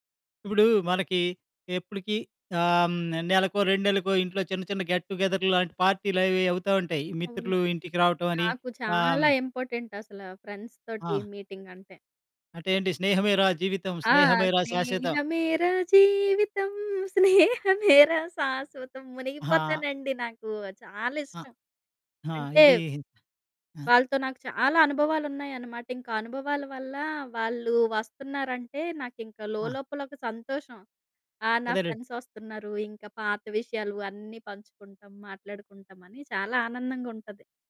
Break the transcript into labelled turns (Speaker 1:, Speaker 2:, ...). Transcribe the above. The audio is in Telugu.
Speaker 1: ఇప్పుడూ, మనకి ఎప్పుడికీ ఆహ్, హ్మ్, నెలకో, 2 నెళ్ళకో ఇంట్లో చిన్న చిన్న గెట్ టుగేదర్ లాంటి పార్టీలు అవి అవుతా ఉంటాయి,
Speaker 2: అవును.
Speaker 1: మిత్రులు ఇంటికి రావటం అని.
Speaker 2: నాకు
Speaker 1: ఆహ్ హ్మ్.
Speaker 2: చాలా ఇంపార్టెంటసల ఫ్రెండ్స్ తోటి
Speaker 1: ఆ!
Speaker 2: మీటింగంటే.
Speaker 1: అంటే ఏంటి? స్నేహమేరా జీవితం,
Speaker 2: ఆ!
Speaker 1: స్నేహమేరా శాశ్వతం.
Speaker 2: స్నేహమేరా జీవితం. స్నేహమేరా శాశ్వతం.
Speaker 1: అహా!
Speaker 2: మునిగిపోతానండి నాకు, చాలా
Speaker 1: ఆ!
Speaker 2: ఇష్టం.
Speaker 1: ఆ!
Speaker 2: అంటే
Speaker 1: ఇదీ హి ఆ!
Speaker 2: వాళ్ళతో నాకు చాలా అనుభవాలున్నాయన్నమాట. ఇంకా అనుభవాల వల్ల, వాళ్ళు వస్తున్నారంటే, నాకింక
Speaker 1: ఆ!
Speaker 2: లోలోపల ఒక సంతోషం. ఆ! నా
Speaker 1: అదెలే!
Speaker 2: ఫ్రెండ్సొస్తున్నారు. ఇంకా పాత విషయాలు అన్నీ పంచుకుంటాం, మాట్లాడుకుంటామని చాలా ఆనందంగా ఉంటది.